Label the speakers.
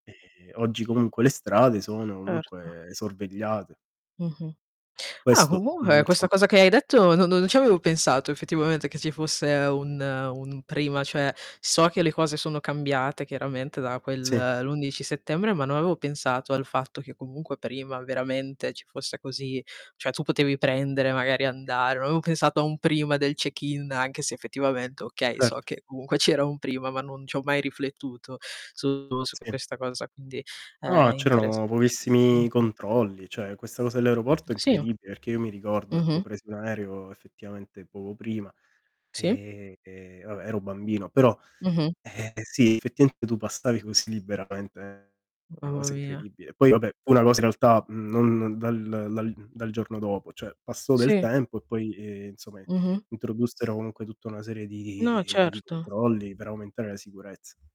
Speaker 1: Ehm, oggi comunque le strade sono
Speaker 2: Certo.
Speaker 1: comunque sorvegliate
Speaker 2: Mh-mh. Ah,
Speaker 1: questo, mhmm,
Speaker 2: comunque questa
Speaker 1: insom
Speaker 2: cosa che hai detto no no non ci avevo pensato effettivamente che ci fosse un un prima. Cioè, so che le cose sono cambiate chiaramente da
Speaker 1: Sì.
Speaker 2: quel l'11 settembre, ma non avevo pensato al fatto che comunque prima veramente ci fosse così cioè tu potevi prendere magari e andare, non avevo pensato a un prima del check-in, anche se effettivamente okay, so
Speaker 1: Certo.
Speaker 2: che comunque c'era un prima, ma non ci ho mai riflettuto su su
Speaker 1: Sì.
Speaker 2: questa cosa, quindi,
Speaker 1: No,
Speaker 2: ehm, interess
Speaker 1: c'erano pochissimi
Speaker 2: mh-mh.
Speaker 1: controlli. Cioè, questa cosa dell'aeroporto è
Speaker 2: Sì.
Speaker 1: incredibile perché io mi ricordo, ecco,
Speaker 2: Mh-mh.
Speaker 1: presi un aereo effettivamente poco prima,
Speaker 2: Sì.
Speaker 1: ehm, vabbè, ero bambino. Però,
Speaker 2: Mh-mh.
Speaker 1: ehm, sì, effettivamente tu passavi così liberamente, una
Speaker 2: Mamma
Speaker 1: cosa
Speaker 2: mia.
Speaker 1: incredibile. Poi, vabbè, fu una cosa in realtà, mhmm, non dal dal dal giorno dopo, cioè passò del
Speaker 2: Sì.
Speaker 1: tempo e poi, ehm, insomma
Speaker 2: Mh-mh.
Speaker 1: introdussero comunque tutta una serie
Speaker 2: No,
Speaker 1: di di
Speaker 2: certo.
Speaker 1: controlli per aumentare la sicurezza.